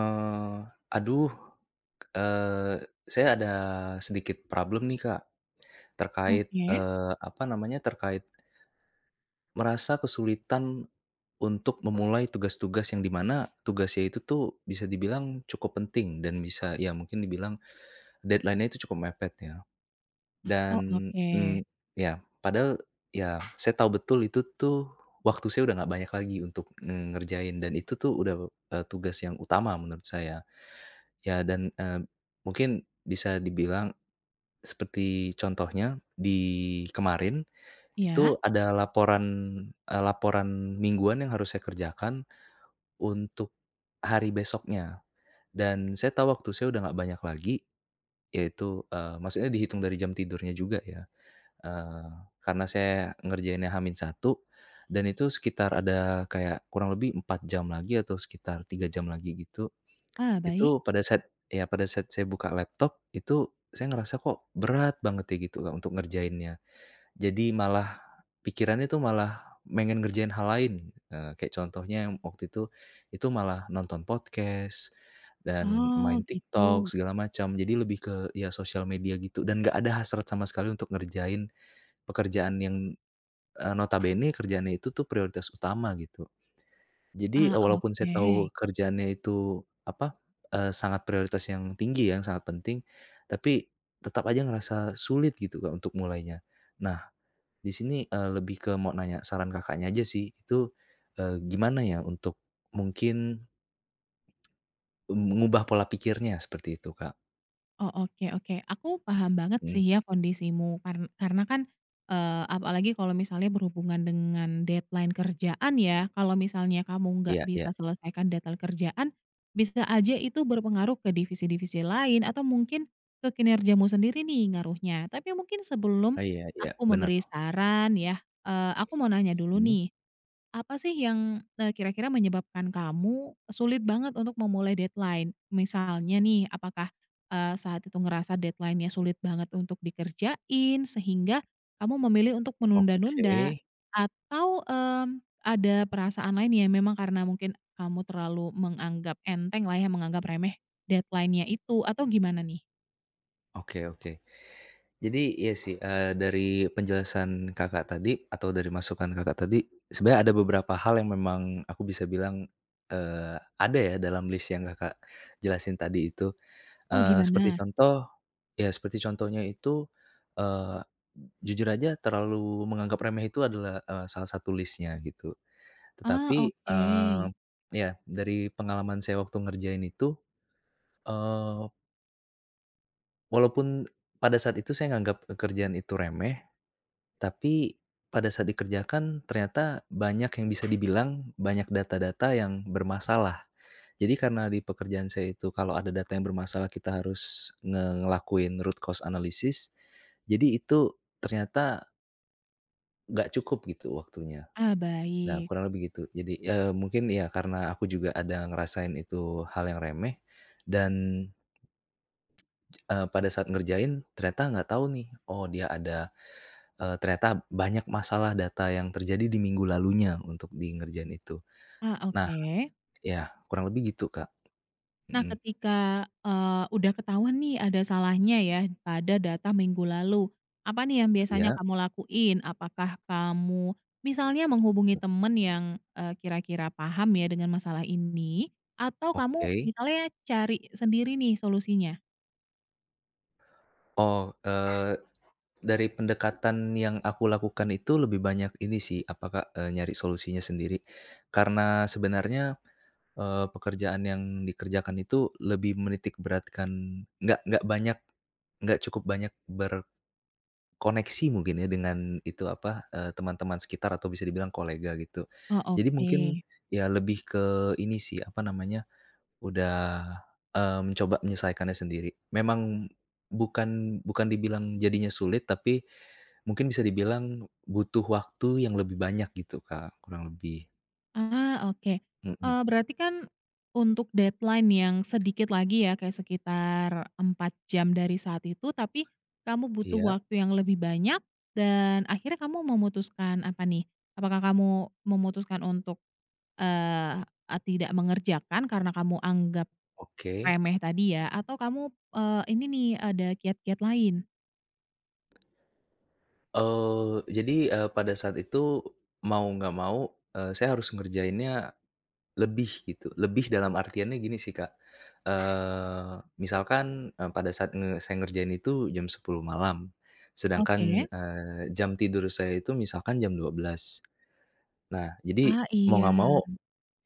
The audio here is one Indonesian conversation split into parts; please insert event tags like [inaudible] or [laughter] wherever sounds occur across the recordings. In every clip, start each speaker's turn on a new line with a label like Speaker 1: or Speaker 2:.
Speaker 1: Eee, aduh, eee, saya ada sedikit problem nih Kak, terkait,
Speaker 2: Oke.
Speaker 1: eee, apa namanya terkai merasa kesulitan, untuk memulai tugas-tugas yang di mana tugasnya itu tuh bisa dibilang cukup penting dan bisa ya mungkin dibilang, deadline-nya itu cukup mepet ya,
Speaker 2: Oh
Speaker 1: dan,
Speaker 2: oke.
Speaker 1: mmm, ya padahal ya saya tahu betul itu tuh, waktu saya udah nggak banyak lagi untuk ngerjain dan itu tuh udah, eee, tugas yang utama menurut saya, ya dan, eee, mungkin bisa dibilang, seperti contohnya di kemarin,
Speaker 2: Iya.
Speaker 1: itu ada laporan, eee, laporan mingguan yang harus saya kerjakan, untuk, hari besoknya, dan saya tahu waktu saya udah nggak banyak lagi, yaitu, eee, maksudnya dihitung dari jam tidurnya juga ya, eee, karena saya ngerjainnya H-1, dan itu sekitar ada kayak kurang lebih 4 jam lagi atau sekitar 3 jam lagi gitu,
Speaker 2: Ah, baik.
Speaker 1: itu pada saat ya pada saat saya buka laptop itu saya ngerasa kok berat banget ya gitu Kak, untuk ngerjainnya, jadi malah, pikirannya tuh malah, pengen ngerjain hal lain kayak contohnya yang waktu itu itu malah nonton podcast, dan
Speaker 2: Oh
Speaker 1: main TikTok
Speaker 2: gitu.
Speaker 1: segala macam jadi lebih ke iya sosial media gitu dan nggak ada hasrat sama sekali untuk ngerjain, pekerjaan yang, eee, notabene kerjaannya itu tuh prioritas utama gitu, jadi
Speaker 2: Ah,
Speaker 1: walaupun saya tahu
Speaker 2: oke.
Speaker 1: kerjaannya itu apa, eee, sangat prioritas yang tinggi ya yang sangat penting, tapi tetap aja ngerasa sulit gitu Kak, untuk mulainya, nah, di sini, eee, lebih ke mau nanya saran Kakaknya, aja sih, itu, eee, gimana ya untuk, mungkin [tsk] me mengubah pola pikirnya seperti itu, Kak.
Speaker 2: Oh, oke oke, aku paham banget
Speaker 1: Mmm.
Speaker 2: sih ya kondisimu. Karn karena kan, eee, apalagi kalau misalnya berhubungan dengan deadline kerjaan ya. Kalau misalnya kamu nggak
Speaker 1: Iya
Speaker 2: bisa
Speaker 1: iya.
Speaker 2: selesaikan deadline kerjaan, bisa aja itu berpengaruh ke divisi-divisi lain, atau mungkin, ke kinerjamu sendiri nih, ngaruhnya. Tapi mungkin sebelum
Speaker 1: Oh, iya iya,
Speaker 2: aku memberi
Speaker 1: benar.
Speaker 2: saran ya, eee, aku mau nanya dulu
Speaker 1: Mmm.
Speaker 2: nih. Apa sih yang, eee, kira-kira menyebabkan kamu, sulit banget untuk memulai deadline? Misalnya nih, apakah, eee, saat itu ngerasa deadline-nya sulit banget untuk dikerjain, sehingga kamu memilih untuk menunda-nunda.
Speaker 1: Oke.
Speaker 2: Atau, mmm, ada perasaan lain, ya memang karena mungkin, kamu terlalu menganggap entenglah ya, menganggap remeh deadline-nya itu, atau gimana nih?
Speaker 1: Oke, oke. Jadi, iya sih, eee, dari penjelasan Kakak tadi, atau dari masukan Kakak tadi, sebenarnya ada beberapa hal yang memang aku bisa bilang, eee, ada ya dalam list yang Kakak jelasin tadi itu.
Speaker 2: Oh
Speaker 1: Eee, seperti
Speaker 2: gimana?
Speaker 1: contoh iya, seperti contohnya itu, eee, jujur aja terlalu menganggap remeh itu adalah, eee, salah satu list-nya, gitu.
Speaker 2: Ah,
Speaker 1: Tetapi, eee,
Speaker 2: oke.
Speaker 1: iya, dari pengalaman saya waktu ngerjain itu, eee Walaupun pada saat itu saya nganggap pekerjaan itu remeh, tapi pada saat dikerjakan ternyata banyak yang bisa dibilang, banyak data-data yang bermasalah. Jadi karena di pekerjaan saya itu kalau ada data yang bermasalah kita harus ngelakuin root cause analysis, jadi itu ternyata nggak cukup gitu waktunya,
Speaker 2: Ah,
Speaker 1: nah
Speaker 2: baik.
Speaker 1: kurang lebih gitu. Jadi, eee, mungkin iya, karena aku juga ada ngerasain itu hal yang remeh dan eee, pada saat ngerjain ternyata nggak tahu nih, oh dia ada, eee, ternyata banyak masalah data yang terjadi di minggu lalunya untuk di ngerjain itu,
Speaker 2: Ah,
Speaker 1: nah
Speaker 2: oke.
Speaker 1: ya kurang lebih gitu, Kak.
Speaker 2: Nah
Speaker 1: Mhm.
Speaker 2: ketika, eee, udah ketahuan nih ada salahnya ya pada data minggu lalu. Apa nih yang biasanya
Speaker 1: Iya?
Speaker 2: kamu lakuin? Apakah kamu misalnya menghubungi teman yang, e kira-kira paham ya dengan masalah ini, atau kamu
Speaker 1: Oke.
Speaker 2: misalnya cari sendiri nih solusinya?
Speaker 1: Oh, eee, dari pendekatan yang aku lakukan itu, lebih banyak ini sih apa Kak, e nyari solusinya sendiri. Karena sebenarnya, eee, pekerjaan yang dikerjakan itu, lebih menitik beratkan nggak nggak banyak, nggak cukup banyak berkoneksi mungkin ya, dengan itu, apa, eee, teman-teman sekitar, atau bisa dibilang kolega gitu.
Speaker 2: Oh
Speaker 1: Jadi mungkin,
Speaker 2: oke.
Speaker 1: ya lebih ke ini sih, apa namanya, udah, mmm, coba menyelesaikannya sendiri. Memang bukan bukan dibilang jadinya sulit, tapi, mungkin bisa dibilang, butuh waktu yang lebih banyak gitu Kak, kurang lebih.
Speaker 2: Ah, oke.
Speaker 1: Mhm.
Speaker 2: Eee, berarti kan, untuk deadline yang sedikit lagi ya, kayak sekitar 4 jam dari saat itu, tapi kamu butuh
Speaker 1: Iya.
Speaker 2: waktu yang lebih banyak, dan akhirnya kamu memutuskan apa nih, apakah kamu memutuskan untuk, eee, tidak mengerjakan, karena kamu anggap
Speaker 1: Oke.
Speaker 2: remeh tadi ya, atau kamu, eee, ini nih, ada kiat-kiat lain?
Speaker 1: Eee, jadi, eee, pada saat itu, mau nggak mau, eee, saya harus ngerjainnya lebih, gitu. Lebih dalam artiannya gini sih Kak, eee, misalkan, e pada saat nge saya ngerjain itu jam 10:00 malam. Sedangkan,
Speaker 2: Oke.
Speaker 1: eee, jam tidur saya itu misalkan jam 12:00. Nah, jadi
Speaker 2: Ah,
Speaker 1: mau
Speaker 2: iya.
Speaker 1: nggak mau,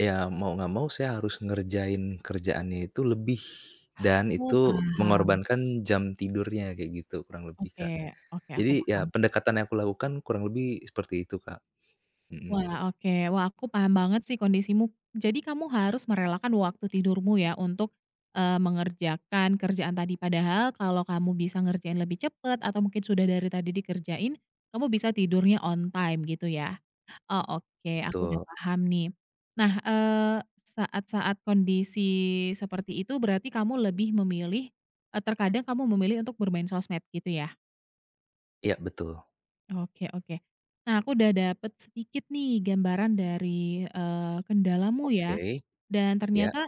Speaker 1: ya mau nggak mau saya harus ngerjain kerjaannya itu lebih, dan
Speaker 2: Oh,
Speaker 1: itu
Speaker 2: paham.
Speaker 1: mengorbankan jam tidurnya, kayak gitu kurang lebih, Kak.
Speaker 2: Oke oke, aku
Speaker 1: Jadi, ya
Speaker 2: paham.
Speaker 1: pendekatan yang aku lakukan, kurang lebih seperti itu, Kak. Mhm.
Speaker 2: Wah, oke, wah aku paham banget sih kondisimu. Jadi kamu harus merelakan waktu tidurmu ya untuk, eee, mengerjakan kerjaan tadi. Padahal, kalau kamu bisa ngerjain lebih cepat, atau mungkin sudah dari tadi dikerjain, kamu bisa tidurnya on time, gitu ya? Oh, oke aku udah
Speaker 1: Betul.
Speaker 2: paham nih. Nah, eee, saat-saat kondisi seperti itu, berarti kamu lebih memilih eee, terkadang kamu memilih untuk bermain sosmed, gitu ya?
Speaker 1: Iya, betul.
Speaker 2: Oke oke. Nah, aku udah dapat sedikit nih gambaran dari, eee, kendalamu ya
Speaker 1: Oke.
Speaker 2: dan
Speaker 1: Iya.
Speaker 2: ternyata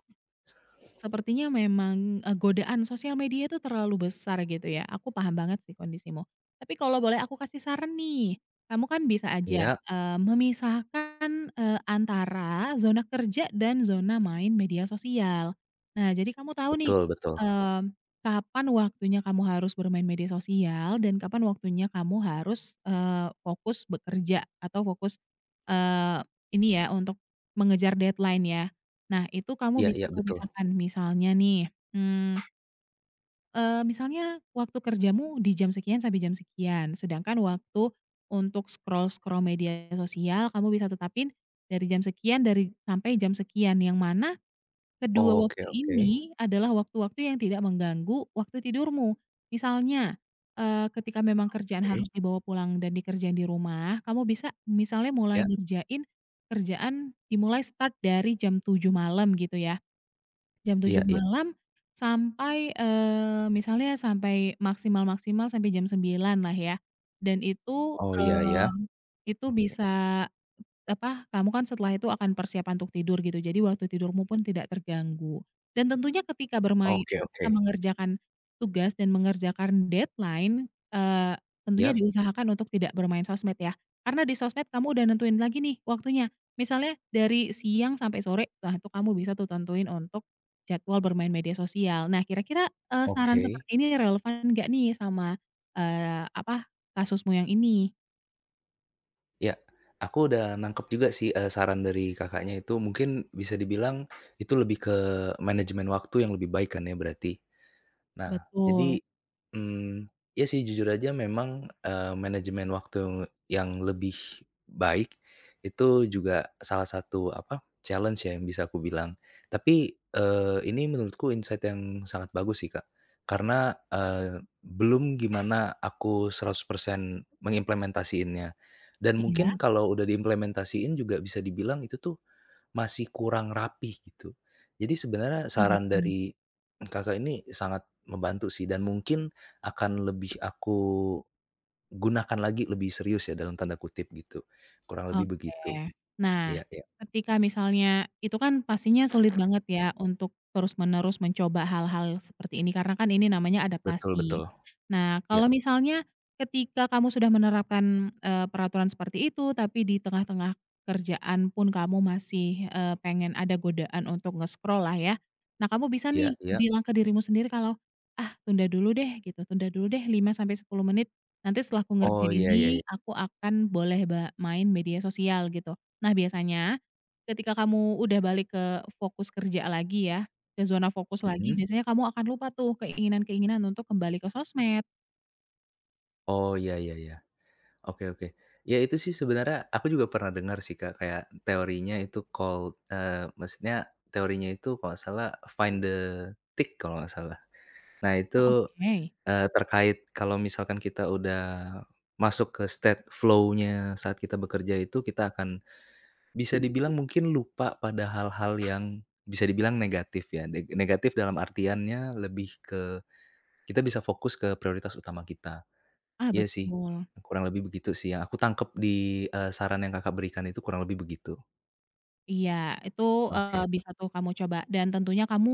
Speaker 1: Sa
Speaker 2: sepertinya memang, e godaan sosial media tuh terlalu besar gitu ya, aku paham banget sih kondisimu. Tapi kalau boleh aku kasih saran nih, kamu kan bisa aja,
Speaker 1: Iya.
Speaker 2: eee, memisahkan, eee, antara zona kerja dan zona main media sosial. Nah, jadi kamu tahu nih,
Speaker 1: Betul betul.
Speaker 2: mmm, kapan waktunya kamu harus bermain media sosial dan kapan waktunya kamu harus, eee, fokus bekerja atau fokus, eee, ini ya untuk mengejar deadline ya. Nah, itu kamu
Speaker 1: Iya
Speaker 2: bisa
Speaker 1: iya,
Speaker 2: tuh
Speaker 1: betul.
Speaker 2: pisahkan, misalnya nih, mmm eee, misalnya waktu kerjamu di jam sekian sampai jam sekian sedangkan waktu untuk scroll-scroll media sosial kamu bisa tetapin dari jam sekian dari sampai jam sekian, yang mana kedua
Speaker 1: Oke
Speaker 2: waktu
Speaker 1: oke.
Speaker 2: ini adalah waktu-waktu yang tidak mengganggu waktu tidurmu. Misalnya, eee, ketika memang kerjaan harus
Speaker 1: Oke.
Speaker 2: dibawa pulang dan dikerjain di rumah, kamu bisa misalnya mulai
Speaker 1: Iya.
Speaker 2: ngerjain kerjaan dimulai start dari jam 07:00 malam gitu ya. Jam
Speaker 1: Iya
Speaker 2: 07:00
Speaker 1: iya.
Speaker 2: malam sampai, eee, misalnya sampai maksimal-maksimal sampai jam 09:00 lah ya dan itu,
Speaker 1: Oh, iya iya.
Speaker 2: eee, itu
Speaker 1: Oke.
Speaker 2: bisa, e apa, kamu kan setelah itu akan persiapan untuk tidur gitu, jadi waktu tidurmu pun tidak terganggu, dan tentunya ketika bermain
Speaker 1: Oke
Speaker 2: eh, ketika
Speaker 1: oke.
Speaker 2: mengerjakan tugas dan mengerjakan deadline, eee, tentunya
Speaker 1: Iyap.
Speaker 2: diusahakan untuk tidak bermain sosmed ya, karena di sosmed kamu udah nentuin lagi nih waktunya. Misalnya dari siang sampai sore lah tuh kamu bisa tuh tentuin untuk jadwal bermain media sosial. Nah, kira-kira, eee, saran
Speaker 1: Oke.
Speaker 2: seperti ini relevan enggak nih sama, eee, apa, kasusmu yang ini?
Speaker 1: Ya. Aku udah nangkep juga sih, eee, saran dari Kakaknya itu, mungkin bisa dibilang, itu lebih ke manajemen waktu yang lebih baik kan ya, berarti. Nah
Speaker 2: Betul.
Speaker 1: jadi, mmm, ya sih jujur aja memang, eee, manajemen waktu yang lebih baik, itu juga salah satu apa, challenge ya, yang bisa aku bilang. Tapi, eee, ini menurutku insight yang sangat bagus sih Kak. Karena, eee, belum gimana aku 100% mengimplementasiinnya. Dan
Speaker 2: Iya.
Speaker 1: mungkin kalau udah diimplementasiin juga bisa dibilang itu tuh, masih kurang rapi gitu. Jadi sebenarnya,
Speaker 2: Ah
Speaker 1: saran
Speaker 2: betul.
Speaker 1: dari Kakak ini, sangat membantu sih. Dan mungkin akan lebih aku gunakan lagi, "lebih serius" ya, dalam tanda kutip gitu. Kurang lebih
Speaker 2: Oke.
Speaker 1: begitu.
Speaker 2: Nah,
Speaker 1: Iya iya.
Speaker 2: ketika misalnya, itu kan pastinya sulit banget
Speaker 1: Iya.
Speaker 2: ya, untuk terus-menerus mencoba hal-hal seperti ini, karena kan ini namanya
Speaker 1: Betul,
Speaker 2: adaptasi.
Speaker 1: betul.
Speaker 2: Nah,
Speaker 1: Iya.
Speaker 2: kalau misalnya, ketika kamu sudah menerapkan, eee, peraturan seperti itu, tapi di tengah-tengah kerjaan pun kamu masih, eee, pengen ada godaan untuk nge-scroll lah ya. Nah kamu bisa
Speaker 1: Iya
Speaker 2: nih,
Speaker 1: iya.
Speaker 2: bilang ke dirimu sendiri kalau, "Ah tunda dulu deh," gitu. "Tunda dulu deh 5-10 menit. Nanti setelah aku
Speaker 1: Oh,
Speaker 2: ngerjain
Speaker 1: iya, ya
Speaker 2: ini,
Speaker 1: ya.
Speaker 2: aku akan boleh ba main media sosial," gitu. Nah, biasanya ketika kamu udah balik ke fokus kerja lagi ya, ke zona fokus lagi,
Speaker 1: Mhm.
Speaker 2: biasanya kamu akan lupa tuh, keinginan-keinginan untuk kembali ke sosmed.
Speaker 1: Oh ya ya ya. Oke oke. Iya itu sih sebenarnya, aku juga pernah dengar sih Kak, kayak, teorinya itu called, eee, maksudnya teorinya itu kalau enggak salah find the tick, kalau enggak salah. Nah
Speaker 2: Oh,
Speaker 1: itu,
Speaker 2: oke.
Speaker 1: eee, terkait kalau misalkan kita udah masuk ke state flow-nya saat kita bekerja itu, kita akan, bisa dibilang mungkin lupa pada hal-hal yang bisa dibilang negatif ya. Ne negatif dalam artiannya, lebih ke, kita bisa fokus ke prioritas utama kita.
Speaker 2: Ah,
Speaker 1: Iya sih,
Speaker 2: betul.
Speaker 1: kurang lebih begitu sih yang aku tangkap di, eee, saran yang Kakak berikan itu, kurang lebih begitu.
Speaker 2: Iya, itu, eee,
Speaker 1: Oke.
Speaker 2: bisa tuh kamu coba. Dan tentunya kamu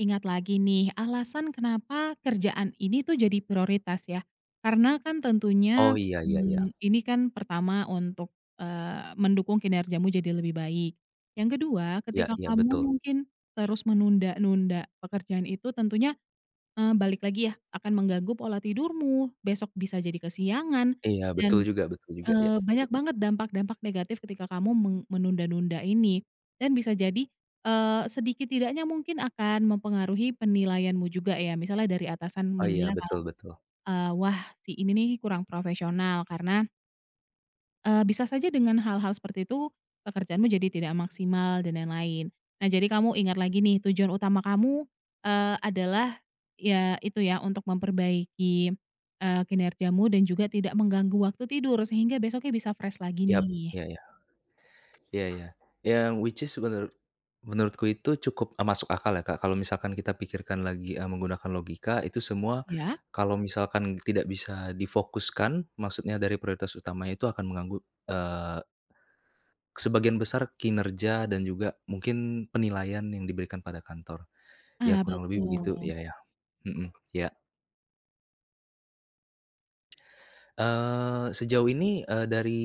Speaker 2: ingat lagi nih, alasan kenapa kerjaan ini tuh jadi prioritas ya. Karena kan tentunya,
Speaker 1: Oh iya, ya ya.
Speaker 2: mmm, ini kan pertama untuk, eee, mendukung kinerjamu jadi lebih baik. Yang kedua,
Speaker 1: Iya
Speaker 2: ketika
Speaker 1: iya
Speaker 2: kamu
Speaker 1: betul.
Speaker 2: mungkin terus menunda-nunda pekerjaan itu tentunya, eee, balik lagi ya, akan mengganggu pola tidurmu. Besok bisa jadi kesiangan
Speaker 1: Iya
Speaker 2: dan,
Speaker 1: betul juga betul juga. Ya.
Speaker 2: eee, banyak banget dampak dampak negatif ketika kamu me menunda-nunda ini. Dan bisa jadi, eee, sedikit tidaknya mungkin akan mempengaruhi penilaianmu juga ya. Misalnya dari atasan
Speaker 1: Oh iya,
Speaker 2: menilai kalau,
Speaker 1: betul betul.
Speaker 2: eee, "Wah si ini nih, kurang profesional, karena" Eee, bisa saja dengan hal-hal seperti itu, pekerjaanmu jadi tidak maksimal, dan lain-lain. Nah, jadi kamu ingat lagi nih, tujuan utama kamu, eee, adalah ya itu ya untuk memperbaiki, eee, kinerjamu dan juga tidak mengganggu waktu tidur, sehingga besoknya bisa fresh lagi
Speaker 1: Yap,
Speaker 2: nih.
Speaker 1: ya ya. Iya iya. Yang which is menurut menurutku itu cukup, e masuk akal ya Kak, kalau misalkan kita pikirkan lagi, e menggunakan logika, itu semua,
Speaker 2: Ya.
Speaker 1: kalau misalkan tidak bisa difokuskan, maksudnya dari prioritas utamanya itu akan menganggu, eee sebagian besar kinerja, dan juga mungkin penilaian yang diberikan pada kantor. Ya
Speaker 2: Ah
Speaker 1: kurang lebih begitu,
Speaker 2: betul.
Speaker 1: ya ya. Hmm, ya. Eee, sejauh ini, eee, dari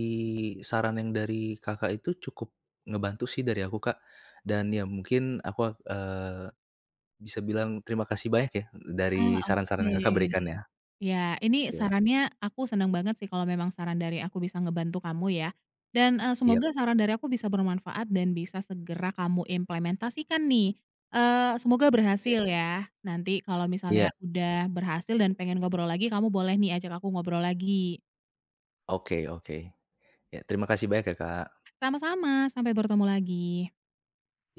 Speaker 1: saran yang dari Kakak itu. cukup ngebantu sih dari aku Kak. Dan ya mungkin, aku ak eee, bisa bilang terima kasih banyak ya, d dari
Speaker 2: Ah
Speaker 1: saran-saran
Speaker 2: oke.
Speaker 1: yang Kakak berikan ya.
Speaker 2: Ya, ini
Speaker 1: Iya.
Speaker 2: sarannya, aku senang banget sih kalau memang saran dari aku bisa ngebantu kamu ya. Dan, eee,
Speaker 1: Yap.
Speaker 2: semoga saran dari aku bisa bermanfaat dan bisa segera kamu implementasikan nih. Eee, semoga
Speaker 1: Iya.
Speaker 2: berhasil ya. Nanti kalau
Speaker 1: Iya.
Speaker 2: misalnya udah berhasil dan pengen ngobrol lagi, kamu boleh nih ajak aku ngobrol lagi.
Speaker 1: Oke oke. Ya terima kasih banyak ya, Kak.
Speaker 2: Sama-sama, sampai bertemu lagi.
Speaker 1: Iya.